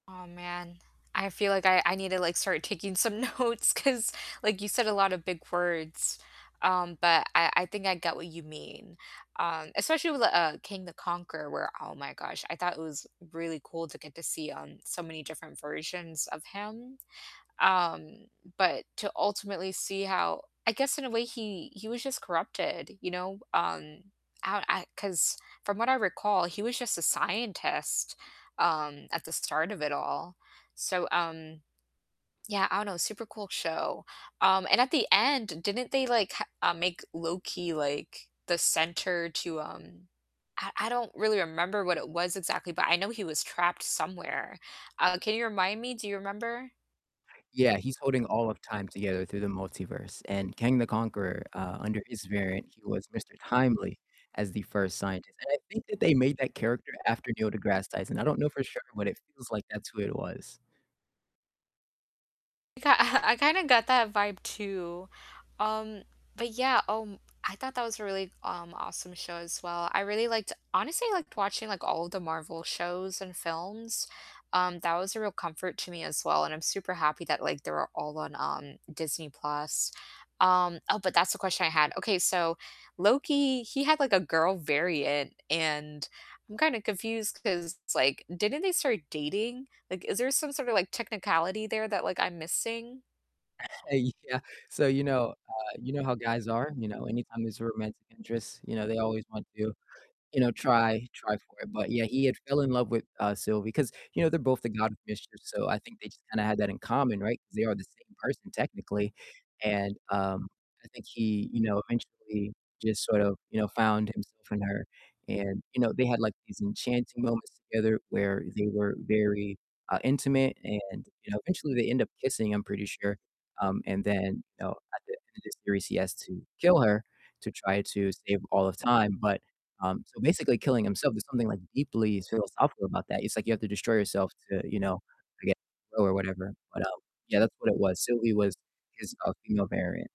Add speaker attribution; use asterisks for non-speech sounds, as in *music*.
Speaker 1: Oh man, I feel like I I need to, like, start taking some notes 'cause like you said a lotta big words, um, but I I think I get what you mean, um, especially with, uh, King the Conqueror where oh my gosh, I thought it was really cool to get to see, um, so many different versions of him, um, but to ultimately see how I guess in a way he he was just corrupted, you know? Um, I I 'cause from what I recall, he was just a scientist, um, at the start of it all. So, um yeah, I don't know, super cool show, um, and at the end, didn't they like ha uh, make Loki, like, the center to, um I I don't really remember what it was exactly, but I know he was trapped somewhere, uh, can you remind me? Do you remember?
Speaker 2: Yeah, he's holding all of time together through the multiverse, and Kang the Conqueror, uh, under his variant, he was Mr. Timely as the first scientist, and I think that they made that character after Neil deGrasse Tyson I don't know for sure, but it feels like that's who it was.
Speaker 1: I ki *chuckles* I kinda got that vibe too, um, but yeah, um, I thought that was a really, um, awesome show as well, I really liked honestly liked watching, like, all of the Marvel shows and films, um, that was a real comfort to me as well, and I'm super happy that, like, they're all on, um, Disney+, um oh, but that's the question I had, okay, so Loki, he had like a girl variant, and I'm kinda confused 'cause, like, didn't they start dating? Like, is there some sort of, like, technicality there that, like, I'm missing?
Speaker 2: Uh, yeah. So, you know, uh you know how guys are, you know? Anytime there's a romantic interest, you know, they always want to, you know, try try for it, but yeah, he had fell in love with, uh, Sylvie 'cause, you know, they're both the God of mischief, so I think they just kinda had that in common, right? 'Cause they are the same person technically, and, um, I think he, you know, eventually just sort of, you know, found himself in her and, you know, they had, like, these enchanting moments together where they were very, uh, intimate and, you know, eventually they end up kissing, I'm pretty sure, um, and then, you know, at the end of the series he has to kill her to try to save all of time, but, um, so basically killing himself there's something, like, deeply philosophical about that, it's like you have to destroy yourself to, you know, again, grow or whatever, but, um, yeah, that's what it was, Sylvie was his, uh, female variant.